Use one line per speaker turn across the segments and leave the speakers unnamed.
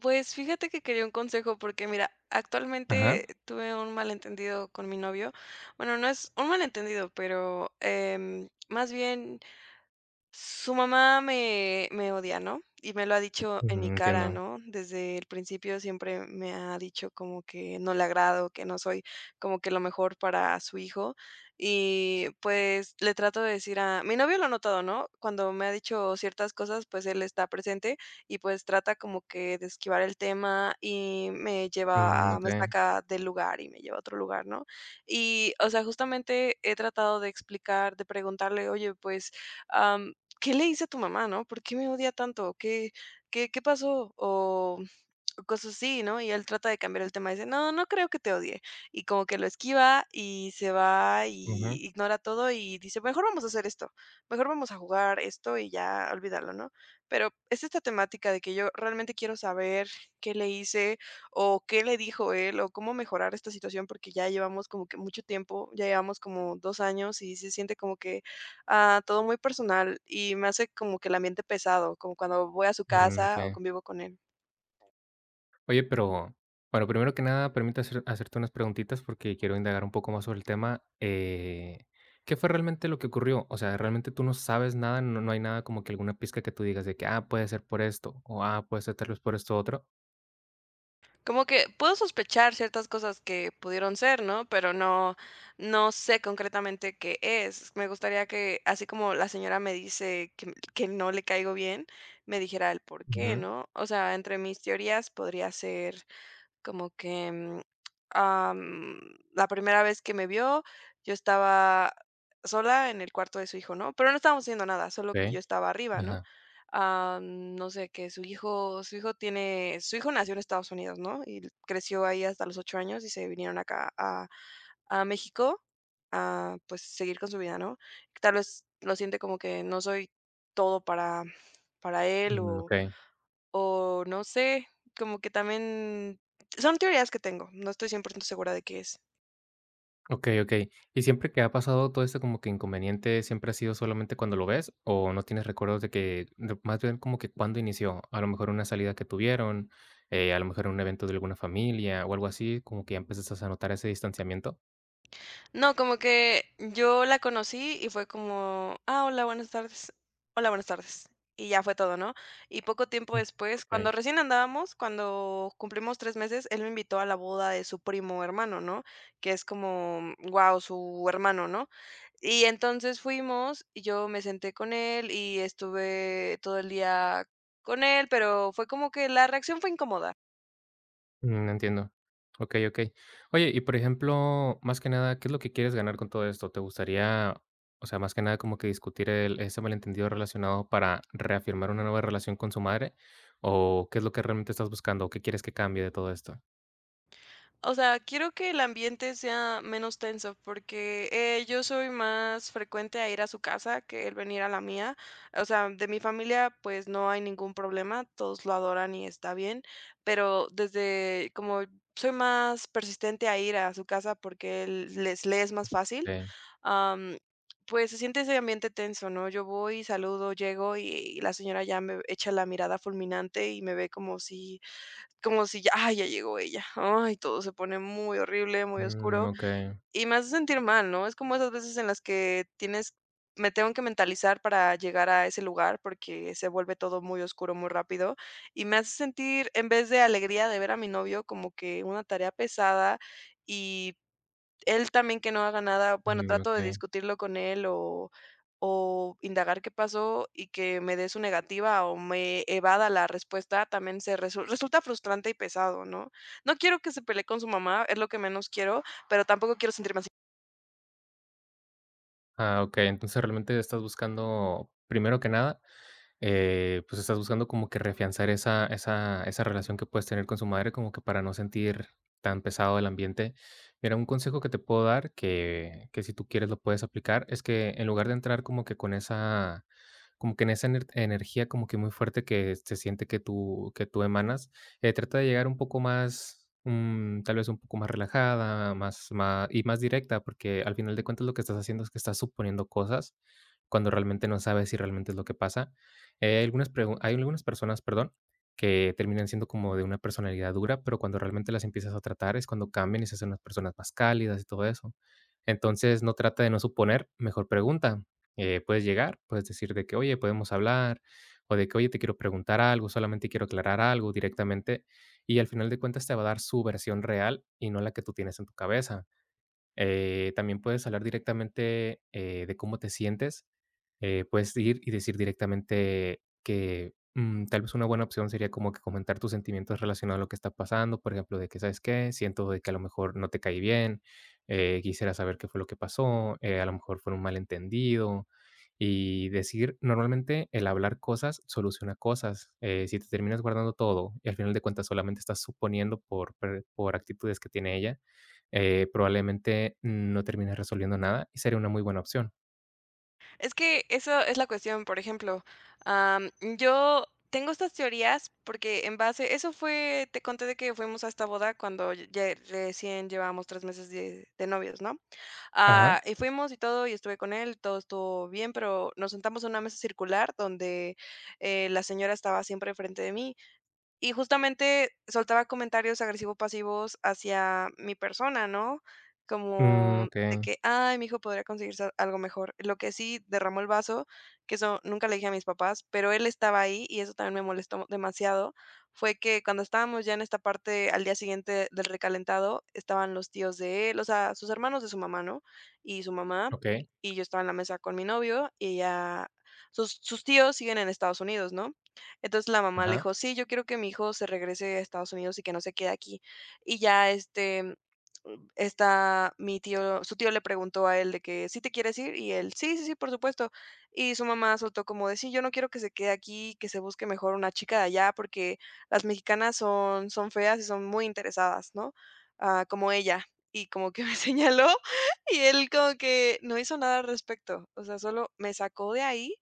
Pues, fíjate que quería un consejo porque, mira,
Ajá.
actualmente tuve un malentendido con mi novio, bueno, no es un malentendido, pero, em, más bien, su mamá me me odia, ¿no? Y me lo ha dicho
Ujú,
en mi cara,
entiendo.
¿no? Desde el principio siempre me ha dicho como que no le agrado, que no soy como que lo mejor para su hijo y, pues, le trato de decir a mi novio lo ha notado, ¿no? Cuando me ha dicho ciertas cosas, pues, él está presente y, pues, trata como que de esquivar el tema y me
Mm,
lleva a me
okey.
saca del lugar y me lleva a otro lugar, ¿no? Y, o sea, justamente, he tratado de explicar, de preguntarle: "Oye, pues, am, ¿qué le hice a tu mamá?", ¿no? "¿Por qué me odia tanto? ¿Qué qué qué pasó?", o, mm, cosas así, ¿no? Y él trata de cambiar el tema, dice: "No, no creo que te odie". Y como que lo esquiva, y se va,
Ujú.
y ignora todo, y dice: Mejor vamos a hacer esto, mejor vamos a jugar esto y ya olvídalo, ¿no?". Pero es esta temática de que yo realmente quiero saber qué le hice, o qué le dijo él, o cómo mejorar esta situación, porque ya llevamos como que mucho tiempo, ya llevamos como dos años y se siente como que, ah, todo muy personal y me hace como que el ambiente pesado, como cuando voy a su
Mm,
casa o
okey.
convivo con él.
Oye, pero pero primero que nada, permite hacer hacerte unas preguntitas porque quiero indagar un poco más sobre el tema, eh, ¿qué fue realmente lo que ocurrió? O sea, ¿realmente tú no sabes nada, no no hay nada como que alguna pizca que tú digas de que: "Ah, puede ser por esto" o "Ah, puede ser tal vez por esto otro"?
Como que puedo sospechar ciertas cosas que pudieron ser, ¿no?, pero no no sé concretamente qué es. Me gustaría que, así como la señora me dice que, mm, que no le caigo bien, me dijera el por qué,
Ujú.
¿no? O sea, entre mis teorías podría ser como que, mm, am, la primera vez que me vio, yo estaba sola, en el cuarto de su hijo, ¿no?, pero no estábamos haciendo nada, solo que
Sí.
yo estaba arriba, ¿no?,
Ajá.
am, no sé, que su hijo su hijo tiene su hijo nació en Estados Unidos, ¿no?, y creció ahí hasta los ocho años, y se vinieron acá a a México a, pues, seguir con su vida, ¿no? Tal vez lo siente como que no soy todo para para él
Mm,
o
okey.
o, no sé, como que también son teorías que tengo, no estoy 100% segura de qué es.
Okey, okey. Y, ¿siempre que ha pasado todo eso como que inconveniente siempre ha sido solamente cuando lo ves o no tienes recuerdos de que de más bien como que, ¿cuándo inició? A lo mejor una salida que tuvieron, eh, a lo mejor un evento de alguna familia o algo así, como que, ¿ya empezaste a notar ese distanciamiento?
No, como que yo la conocí y fue como: "Ah, hola, buenas tardes". "Hola, buenas tardes". Y ya fue todo, ¿no? Y poco tiempo
Mm,
después, cuando
okey.
recién andábamos, cuando cumplimos 3 meses, él me invitó a la boda de su primo hermano, ¿no? Que es como, guau, su hermano, ¿no? Y entonces fuimos y yo me senté con él y estuve todo el día con él, pero fue como que la reacción fue incómoda.
Mm, entiendo. Okey, okey. Oye, y por ejemplo, más que nada, ¿qué es lo que quieres ganar con todo esto? ¿Te gustaría, o sea, más que nada como que discutir el ese malentendido relacionado para reafirmar una nueva relación con su madre o qué es lo que realmente estás buscando? ¿Qué quieres que cambie de todo esto?
O sea, quiero que el ambiente sea menos tenso porque, eh, yo soy más frecuente a ir a su casa que él venir a la mía. O sea, de mi familia, pues no hay ningún problema. Todos lo adoran y está bien, pero desde como soy más persistente a ir a su casa porque él les le es más fácil,
Okey.
am, pues se siente ese ambiente tenso, ¿no? Yo voy, saludo, llego y la señora ya me v echa la mirada fulminante y me ve como si, como si: "Ya, ah, ya llegó ella". Ay, todo se pone muy horrible, muy
Mm,
oscuro,
okey.
y me hace sentir mal, ¿no? Es como esas veces en las que tienes me tengo que mentalizar para llegar a ese lugar porque se vuelve todo muy oscuro, muy rápido, y me hace sentir, en vez de alegría de ver a mi novio, como que una tarea pesada, y él también, que no haga nada. Bueno,
Mm,
trato de
okey.
discutirlo con él o o indagar qué pasó y que me dé su negativa o me evada la respuesta también se resu resulta frustrante y pesado, ¿no? No quiero que se pelee con su mamá, es lo que menos quiero, pero tampoco quiero sentirme así.
Ah, okey. Entonces, realmente, estás buscando, primero que nada, eh, pues, estás buscando como que reafianzar esa esa esa relación que puedes tener con su madre como que para no sentir tan pesado el ambiente. Mira, un consejo que te puedo dar que que, si tú quieres, lo puedes aplicar, es que, en lugar de entrar como que con esa como que en esa ener energía como que muy fuerte que, se siente que tú que tú emanas, eh, trata de llegar un poco más, mm, tal vez, un poco más relajada, más ma y más directa, porque, al final de cuentas, lo que estás haciendo es que estás suponiendo cosas, cuando realmente no sabes si realmente es lo que pasa, eh, hay algunas pregun hay algunas personas, perdón, que terminan siendo como de una personalidad dura, pero cuando realmente las empiezas a tratar, es cuando cambian y se hacen las personas más cálidas y todo eso. Entonces, no, trata de no suponer, mejor pregunta, eh, puedes llegar, puedes decir de que: "Oye, ¿podemos hablar?", o de que: "Oye, te quiero preguntar algo, solamente quiero aclarar algo", directamente y, al final de cuentas, te va a dar su versión real y no la que tú tienes en tu cabeza, eh, también puedes hablar directamente, eh, de cómo te sientes, eh, puedes ir y decir directamente que, mm, tal vez, una buena opción sería como que comentar tus sentimientos relacionado a lo que está pasando, por ejemplo, de que: "¿Sabes qué? Siento de que, a lo mejor, no te caí bien, eh, quisiera saber qué fue lo que pasó, eh, a lo mejor fue un malentendido", y decir normalmente, el hablar cosas soluciona cosas, eh, si te terminas guardando todo y, al final de cuentas, solamente estás suponiendo por per por actitudes que tiene ella, eh, probablemente no termines resolviendo nada y sería una muy buena opción.
Es que, eso es la cuestión, por ejemplo, am, yo tengo estas teorías porque, en base Eso fue te conté de que fuimos a esta boda cuando ya recién llevábamos tres meses de de novios, ¿no?,
Ajá.
ah, y fuimos, y todo, y estuve con él, todo estuvo bien, pero nos sentamos en una mesa circular donde, eh, la señora estaba siempre enfrente de mí, y, justamente, soltaba comentarios agresivo-pasivos hacia mi persona, ¿no?,
Mm,
como de
okey.
que: "Ay, mi hijo podría conseguirse algo mejor". Lo que sí derramó el vaso, que eso nunca le dije a mis papás, pero él estaba ahí y eso también me molestó demasiado, fue que, cuando estábamos ya en esta parte, al día siguiente del recalentado, estaban los tíos de él, o sea, sus hermanos de su mamá, ¿no?, y su mamá,
Okey.
y yo estaba en la mesa con mi novio, y ella Sus sus tíos siguen en Estados Unidos, ¿no? Entonces, la mamá le
Ajá.
dijo: "Sí, yo quiero que mi hijo se regrese a Estados Unidos y que no se quede aquí". Y ya, este, mm, esta mi tío su tío le preguntó a él de que: "¿Sí te quieres ir?", y él: "Sí, sí, sí, por supuesto", y su mamá soltó como de: "Sí, yo no quiero que se quede aquí, y que se busque, mejor, una chica de allá, porque las mexicanas son son feas y son muy interesadas", ¿no?, ah: "Como ella". Y como que me señaló, y él como que, no hizo nada al respecto, o sea, solo me sacó de ahí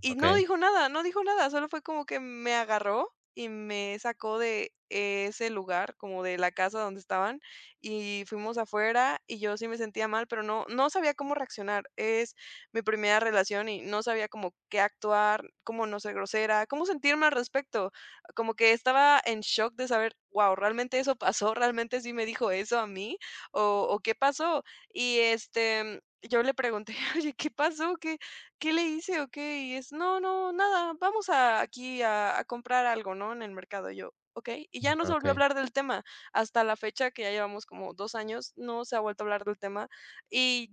y no
Okey.
dijo nada, no dijo nada. Solo fue como que me agarró y me sacó de ese lugar, como de la casa donde estaban, y fuimos afuera, y yo sí me sentía mal, pero no no sabía cómo reaccionar, es mi primera relación y no sabía como qué actuar, cómo no ser grosera, cómo sentirme al respecto. Como que estaba en shock de saber: "Guau, ¿realmente eso pasó, realmente sí me dijo eso a mí, o o, qué pasó?" Y, este, mm, yo le pregunté: "Oye, ¿qué pasó? ¿Qué qué le hice o qué?". Y es: "No, no, nada. Vamos a aquí, a a comprar algo, ¿no?, en el mercado". Y yo: "Okey". Y ya no se volvió a
Okey.
hablar del tema. Hasta la fecha, que ya llevamos como 2 años, no se ha vuelto a hablar del tema y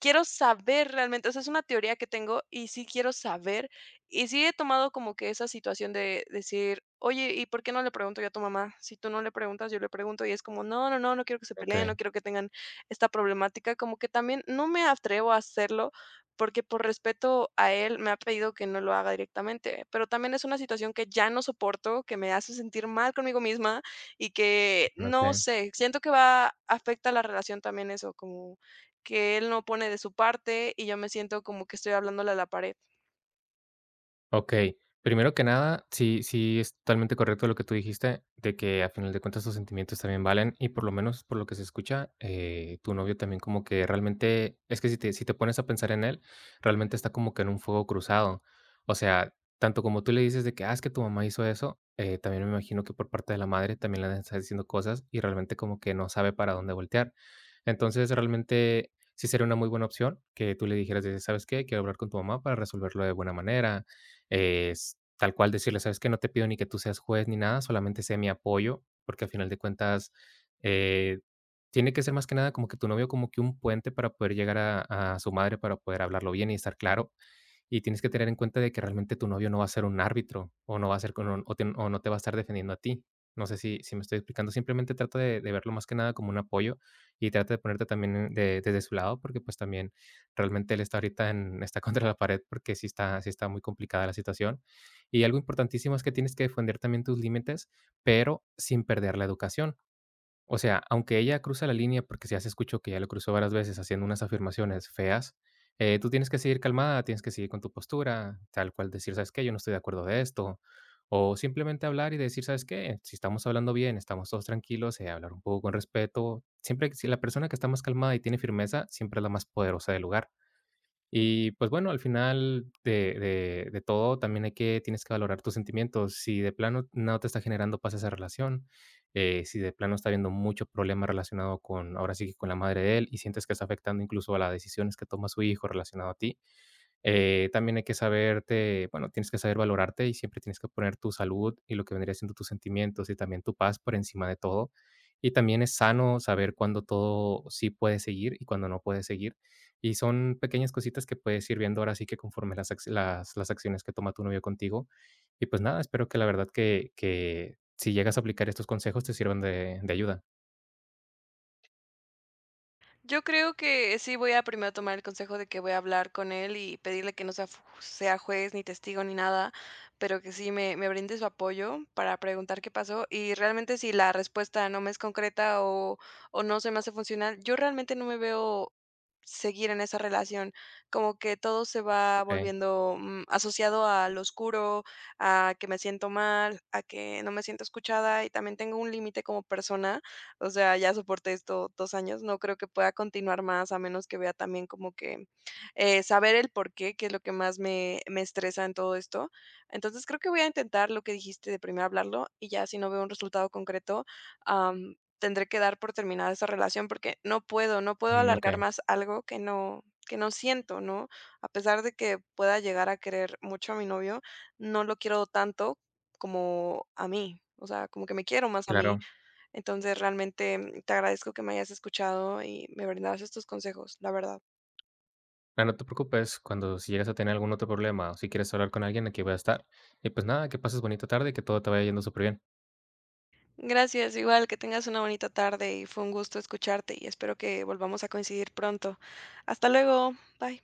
quiero saber realmente, o sea, es una teoría que tengo, y sí quiero saber, y si he tomado como que esa situación de decir: "Oye, ¿y por qué no le pregunto yo a tu mamá? Si tú no le preguntas, yo le pregunto". Y es como: "No, no, no, no quiero que se peleen, no
Okey.
quiero que tengan esta problemática". Como que, también no me atrevo a hacerlo porque por respeto a él, me ha pedido que no lo haga, directamente, pero también, es una situación que ya no soporto, que me hace sentir mal conmigo misma y que, no
Okey.
sé, siento que va afecta la relación, también eso, como que él no pone de su parte y yo me siento como que estoy hablándole a la pared.
Okey, primero que nada, sí sí, es totalmente correcto lo que tú dijiste, de que al final de cuentas tus sentimientos también valen y por lo menos, por lo que se escucha, eh, tu novio también como que realmente Es que si te si te pones a pensar en él, realmente está como que en un fuego cruzado. O sea, tanto como tú le dices de que: "Ah, es que tu mamá hizo eso" eh, también me imagino que por parte de la madre también le debe está diciendo cosas y realmente como que no sabe para dónde voltear. Entonces, realmente sí sería una muy buena opción que tú le dijeras de de: "¿Sabes qué?, quiero hablar con tu mamá para resolverlo de buena manera", es tal cual decirle: "¿Sabes qué?, no te pido ni que tú seas juez ni nada, solamente sé mi apoyo", porque al final de cuentas, eh, tiene que ser más que nada como que tu novio como que un puente para poder llegar a a su madre para poder hablarlo bien y estar claro. Y tienes que tener en cuenta de que realmente tu novio no va a ser un árbitro, o no va a ser con o o te o no te va a estar defendiendo a ti. No sé si si me estoy explicando, simplemente trato de de verlo más que nada como un apoyo, y trata de ponerte también de desde su lado porque pues, también realmente él está ahorita en está contra la pared porque, sí está sí está muy complicada la situación, y algo importantísimo es que tienes que defender también tus límites, pero sin perder la educación. O sea, aunque ella cruza la línea, porque si ya se escuchó que ella lo cruzó varias veces haciendo unas afirmaciones feas, eh, tú tienes que seguir calmada. Tienes que seguir con tu postura, tal cual decir: "¿Sabes qué?, yo no estoy de acuerdo de esto", o simplemente hablar y decir: "¿Sabes qué?, si estamos hablando bien, estamos todos tranquilos, eh, hablar un poco con respeto". Siempre si la persona que está más calmada y tiene firmeza, siempre es la más poderosa del lugar. Y pues bueno, al final de de de todo también hay que tienes que valorar tus sentimientos, si de plano no te está generando paz esa relación, eh, si de plano está habiendo muchos problemas relacionado con, ahora sí, con la madre de él y sientes que está afectando incluso a las decisiones que toma su hijo relacionado a ti, eh, también hay que saberte, bueno, tienes que saber valorarte y siempre tienes que poner tu salud y lo que vendría siendo tus sentimientos y también tu paz por encima de todo. Y también es sano saber cuándo todo sí puede seguir y cuándo no puede seguir. Y son pequeñas cositas que puedes ir viendo ahora sí que conforme las acci las las acciones que toma tu novio contigo, y pues nada, espero que la verdad que que si llegas a aplicar estos consejos te sirvan de de ayuda.
Yo creo que sí voy a primero a tomar el consejo de que voy a hablar con él y pedirle que no sea f sea juez ni testigo ni nada, pero que sí me me brinde su apoyo para preguntar qué pasó y realmente si la respuesta no me es concreta o o no se me hace funcional, yo realmente no me veo seguir en esa relación, como que todo se va
Okey.
volviendo, mm, asociado al oscuro, a que me siento mal, a que no me siento escuchada y también tengo un límite como persona, o sea, ya soporté esto dos años. No creo que pueda continuar más al menos que vea también como que eh, saber el porqué, que es lo que más me me estresa en todo esto. Entonces creo que voy a intentar lo que dijiste de primero hablarlo y ya si no veo un resultado concreto, am, tendré que dar por terminar esa relación porque no puedo no puedo
Mm,
alargar
Okey.
más algo que no que no siento, ¿no? A pesar de que pueda llegar a querer mucho a mi novio, no lo quiero tanto como a mí, o sea, como que me quiero más a mí.
Claro.
Entonces realmente te agradezco que me hayas escuchado y me brindaras estos consejos, la verdad.
Ah, no te preocupes cuando si llegas a tener algún otro problema o si quieres hablar con alguien aquí voy a estar y pues nada, que pases bonita tarde y que todo te vaya yendo super bien.
Gracias, igual. Que tengas una bonita tarde y fue un gusto escucharte y espero que volvamos a coincidir pronto. Hasta luego. bye.